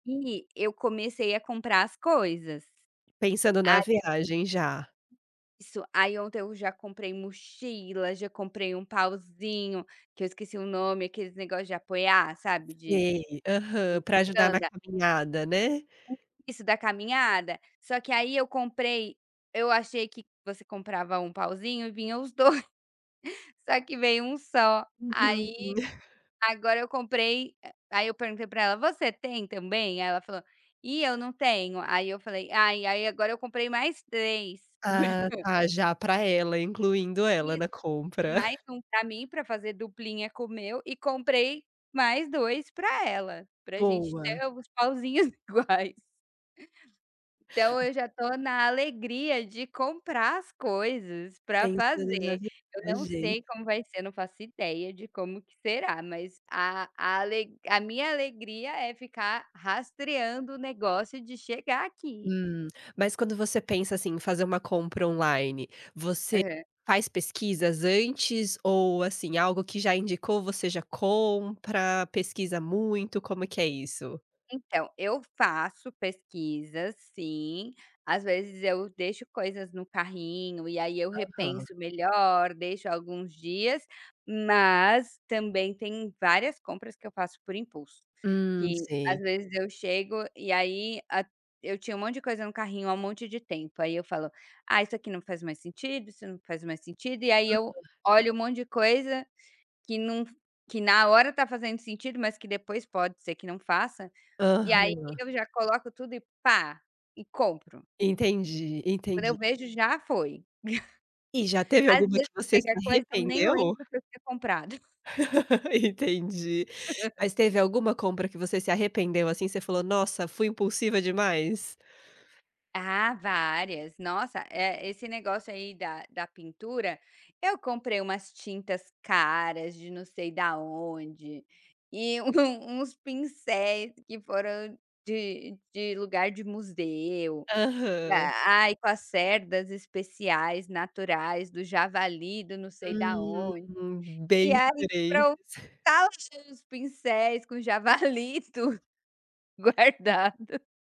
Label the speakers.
Speaker 1: E eu comecei a comprar as coisas.
Speaker 2: Pensando na
Speaker 1: Ah, eu
Speaker 2: viagem já.
Speaker 1: Isso. Aí ontem eu já comprei mochila, já comprei um pauzinho, que eu esqueci o nome, aqueles negócio de apoiar, sabe, de
Speaker 2: Sei, aham, para ajudar na
Speaker 1: [unintelligible]
Speaker 2: caminhada, né.
Speaker 1: [unintelligible] Isso, da caminhada. Só que aí eu comprei eu achei que você comprava 1 pauzinho, vinha os 2, só que veio 1 só,
Speaker 2: Uhum.
Speaker 1: aí agora eu compre, ah, aí eu pergunte para ela: "Você tem também?", aí ela falou: "Ih, eu não tenho", aí eu falei: "ai", aí agora eu comprei mais 3.
Speaker 2: Ah, tá, já para ela, incluindo ela
Speaker 1: Isso,
Speaker 2: na
Speaker 1: e
Speaker 2: compra.
Speaker 1: mais um pra mim, para fazer duplinha com o meu, e comprei mais 2 para ela, para gente
Speaker 2: Boa.
Speaker 1: ter os pauzinhos iguais. Então eu já tô na alegria de comprar as coisas para
Speaker 2: Pensando na
Speaker 1: fazer. Eu não
Speaker 2: viagem.
Speaker 1: sei como vai ser, não faço ideia de como que será, mas a a ale a minha alegria é ficar rastreando o negócio de chegar aqui.
Speaker 2: Hum. Mas quando você pensa, assim, em fazer uma compra online, você
Speaker 1: Aham.
Speaker 2: faz pesquisas antes ou assim, algo que já indicou, você já compra, pesquisa muito, como que é isso?
Speaker 1: Então, eu faço pesquisas sim, às vezes eu deixo coisas no carrinho ,e aí eu
Speaker 2: Aham.
Speaker 1: repenso melhor, deixo alguns dias, mas também tem várias compras que eu faço por impulso,
Speaker 2: Hum,
Speaker 1: que às
Speaker 2: sei.
Speaker 1: vezes eu chego e aí a eu tinha um monte de coisa no carrinho há um monte de tempo, aí eu falo: "Ah, isso aqui não faz mais sentido, isso não faz mais sentido", e aí
Speaker 2: Aham.
Speaker 1: eu olho um monte de coisa, que num f que na hora tá fazendo sentido, mas que depois pode ser que não faça, e aí
Speaker 2: Aham.
Speaker 1: eu já coloco tudo e pá, e compro.
Speaker 2: Entendi,
Speaker 1: Quando eu
Speaker 2: entendi.
Speaker 1: vejo, já foi.
Speaker 2: E já teve
Speaker 1: Às
Speaker 2: alguma que
Speaker 1: vezes
Speaker 2: você se
Speaker 1: chega coisa, eu nem
Speaker 2: arrependeu?
Speaker 1: lembro que eu tinha comprado.
Speaker 2: Entendi. Mas teve alguma compra que você se arrependeu, assim? Você falou: "Nossa, fui impulsiva demais".
Speaker 1: Ah, várias. Nossa, eh, esse negócio aí da da pintura, eu comprei umas tintas caras de não sei da onde, e um uns pincéis, que foram de de lugar de museu,
Speaker 2: Aham.
Speaker 1: ai, com as cerdas especiais naturais do javali do não sei da
Speaker 2: Hum,
Speaker 1: onde, e
Speaker 2: bem
Speaker 1: aí para o
Speaker 2: diferentes.
Speaker 1: tal pincéis com javali e tudo, guardado.